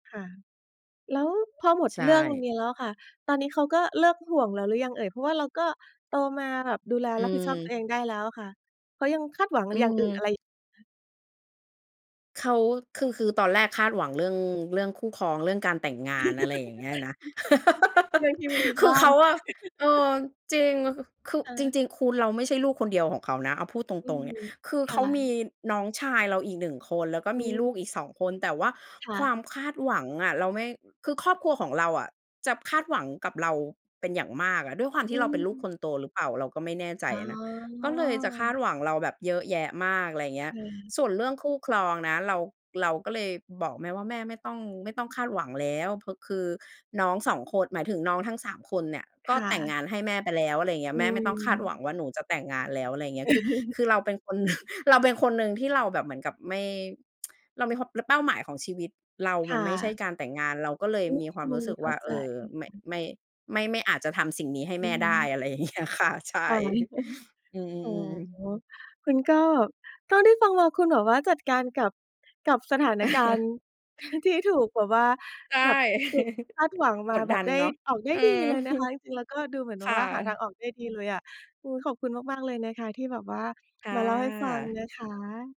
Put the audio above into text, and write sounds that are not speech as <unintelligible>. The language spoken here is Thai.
ค่ะ แล้วพอหมดใชเรื่อง่ นี้แล้วค่ะ ตอนนี้เขาก็เลิกห่วงแล้วหรือยังเอ่ย? เพราะว่าเราก็โตมาแบบดูแลอืรับผิดชอบตัวม เองได้แล้วค่ะ เขายังคาดหวังอือย่างอื่นอม ะไร? เขา คือ คือตอนแรกคาดหวังเรื่อง เรื่องคู่ครอง เรื่องการแต่งงาน อะไรอย่างเงี้ยนะ <laughs> เรื่องที่มีทุก<laughs> คืบอ้าเขน าอะ เอ<chuckles> อ จริง คือค่จะ ริง ๆ คุณ เราไม่ใช่ลูกคนเดียวของเขานะ เอาพูดตอืรอง ๆ ฮเนี่ึ ย คือคเข่ามีะ น้องชายเราอีก 1 คน แล้วก็อืมีลม ูกอีก 2 คน แต่ว่าค่คะ วามคาดหวังอะ เราไม่ คือครอบครัวของเราอะ จะคาดหวังกับเราเป็นอย่างมากอะ ด้วยความทอืี่เราเป็นลูกอ คนโตหรือเปล่า เราก็ไม่แน่ใจอ๋อะนะ ก็เลยจะคาอ ดหวังเราแบบเยอะแยะมาก อะไรอย่างเงคี้ย ่ะ ส่วนเรื่องคู่ครองนะ เรา เราก็เลยบอกแม่ว่า แม่ไม่ต้อง ไม่ต้องคาดหวังแล้ว พ คือน้อง 2 คน หมายถึงน้องทั้ง 3 คนเนี่ย กค็่แต่งะ งานให้แม่ไปแล้ว อะไรอย่างเงี้อย ืแม่ไม่ต้องคาดหวม ังว่าหนูจะแต่งงานแล้ว อะไรอย่างเงี้ย คือ คือ<chuckles> เราเป็นคน หนึ่ง เราเป็นคนหนึ่งที่เราแบบเหมือนกับไม่ <tsk> เรามีความ เป้าหมายของชีวิตเราคมั่นไม่ใช่ะ การแต่งงาน เราก็เลยอืมีความรู้อ สึกเข้ว่าา เใอจ อ ไม่ <unintelligible> ไม่ ไม่ ไม่อาจจะทำสิ่งนี้ให้อแืม่อฮได้ ึ อะไรอย่าง เงี้ย ค่ะ ใชค่ ่ะ <chuckles> <chuckles> อือ๋อ อ ๆ ๆ คุณก็ เท่าที่ฟังมาคุณแบบว่าจัดการกับ กับสถานการณ<chuckles> ์ <chuckles> ที่ถูกแบบว่า ใช่ แบบถูก<chuckles> คาดหวังมกาดแดบับนได้เนาะ ออก ได้อืดีอ เลยนะคะ <chuckles> จริง ๆ แล้วก็ดูเหมือนคแบบ่ว่าหาทะ างออกได้ดีเลยอะ อือ ขอบคุณมาก ๆ เลยนะคะ ที่แบบว่าค่มาเล่าให้ฟังะ นะคะ